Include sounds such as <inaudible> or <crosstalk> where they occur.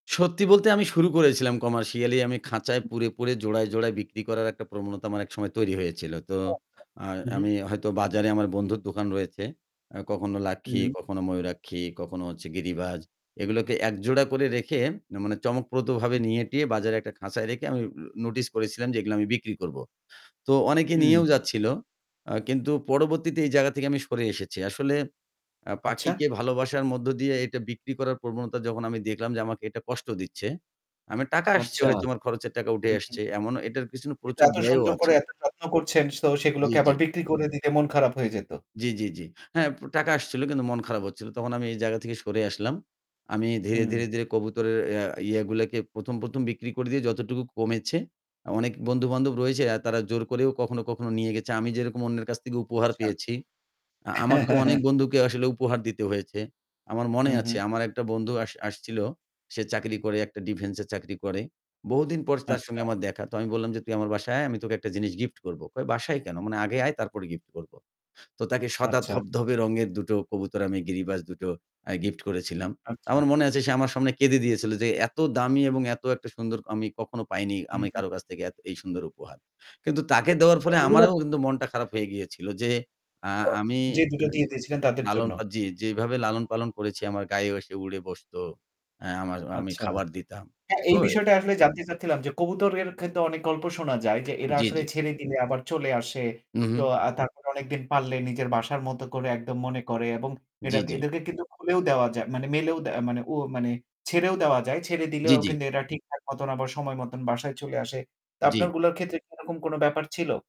সত্যি বলতে, আমি শুরু করেছিলাম কমার্শিয়ালি, আমি খাঁচায় হুম। পুরে, পুরে জোড়ায় জোড়ায় বিক্রি করার একটা প্রবণতা আমার একসময় তৈরি হয়েছিল। তো <unintelligible> আ হু, হু। আমি হয়তো বাজারে, আমার বন্ধুর দোকান রয়েছে, কখনো লাক্ষী, হুম। কখনো ময়ূরপঙ্খী, কখনো হচ্ছে গিরিবাজ। এগুলোকে এক জোড়া করে রেখে, মানে, চমকপ্রদভাবে হুম। নিয়ে-টিয়ে সাজিয়ে বাজারে একটা খাঁচায় রেখে আমি নোটিস করেছিলাম যে এগুলো আমি বিক্রি করব। তো অনেকে হুম। নিয়েও যাচ্ছিল। আ কিন্তু পরবর্তীতে এই জায়গা থেকে আমি সরে এসেছি। আসলে আ আচ্ছা। পাখিকে ভালোবাসার মধ্য দিয়ে এটা বিক্রি করার প্রবণতা যখন আমি দেখলাম যে আমাকে এটা কষ্ট দিচ্ছে, আমার টাকা আসছে, আচ্ছা। হয়তো আমার খরচের টাকা উঠে হু, হু। আসছে। এমনও এটার পেছনে কিন্তু প্রচুর এত ব্যয়ও সুন্দর আছে। করে এত যত্ন করছেন সো জ্বি, সেগুলোকে জ্বি। আবার বিক্রি করে দিলে মন খারাপ হয়ে যেত। জী, জী, জী। হ্যাঁ, টাকা আসছিল, কিন্তু মন খারাপ হচ্ছিল। তখন আমি এই জায়গা থেকে সরে আসলাম। আমি ধীরে, হুম। ধীরে, ধীরে কবুতরের আ ইয়েগুলোকে ১ম, ১ম বিক্রি করে দিয়ে যতটুকু কমেছে। অনেক বন্ধুবান্ধব রয়েছে, তারা জোর করেও কখনো, কখনো নিয়ে গেছে। আমি যেরকম অন্যের কাছ থেকে উপহার আচ্ছা। পেয়েছি, আ আমাকেও অনেক <laughs> বন্ধুকে আসলে উপহার দিতে হয়েছে। আমার মনে হুম, আছে, হুম। আমার একটা বন্ধু আস আসছিল। সে চাকরি করে, একটা ডিফেন্সে চাকরি করে। বহুদিন পর তার আচ্ছা। সঙ্গে আমার দেখা। তো আমি বললাম যে, "তুই আমার বাসায় আয়, আমি তোকে একটা জিনিস গিফট করব।" কয়, "বাসায় কেন?" "মানে আগে আয়, তারপরে গিফট করব।" তো তাকে সাদা আচ্ছা। ধবধবে রঙের দুটো কবুতর, আমি গিরিবাজ দুটো, আ গিফট করেছিলাম। আচ্ছা। আমার মনে আছে, সে আমার সামনে কেঁদে দিয়েছিল যে এত দামি এবং এত একটা সুন্দর, আমি কখনো পাইনি হুম, আমি হুম। কারো কাছ থেকে এই সুন্দর উপহার। কিন্তু তাকে দেওয়ার তো পরে এগুলো আমারও কিন্তু মনটা খারাপ হয়ে গিয়েছিল যে, আ তো আমি যে দুটো যে দিয়ে দিয়েছিলেন, তাদের লালন জন্য? আ জি, জি। যেভাবে লালন-পালন করেছি, আমার গায়েও এসে উড়ে বসত। আ আমার আমি আচ্ছা। খাবার দিতাম। হ্যাঁ, তো এই বিষয়টা আসলে জানতে চাচ্ছিলাম যে কবুতরের ক্ষেত্রে অনেক গল্প শোনা যায় যে এরা জ্বি, আসলে জ্বি। ছেড়ে দিলে আবার চলে আসে। তো উঁহুঁ। আ তারপর কতদিন পাললে নিজের বাসার মতো করে একদম মনে করে, এবং এরা জ্বি, জ্বি। এদেরকে কিন্তু খুলেও দেওয়া যায়, মানে মেলেও দে মানে ও মানে ছেড়েও দেওয়া যায়। ছেড়ে জ্বি, দিলেও জ্বি। কিন্তু এরা ঠিকঠাক মতো আবার সময়মতো বাসায় চলে আসে। তো জ্বি। আপনারগুলোর ক্ষেত্রে কি এরকম কোনো ব্যাপার ছিল?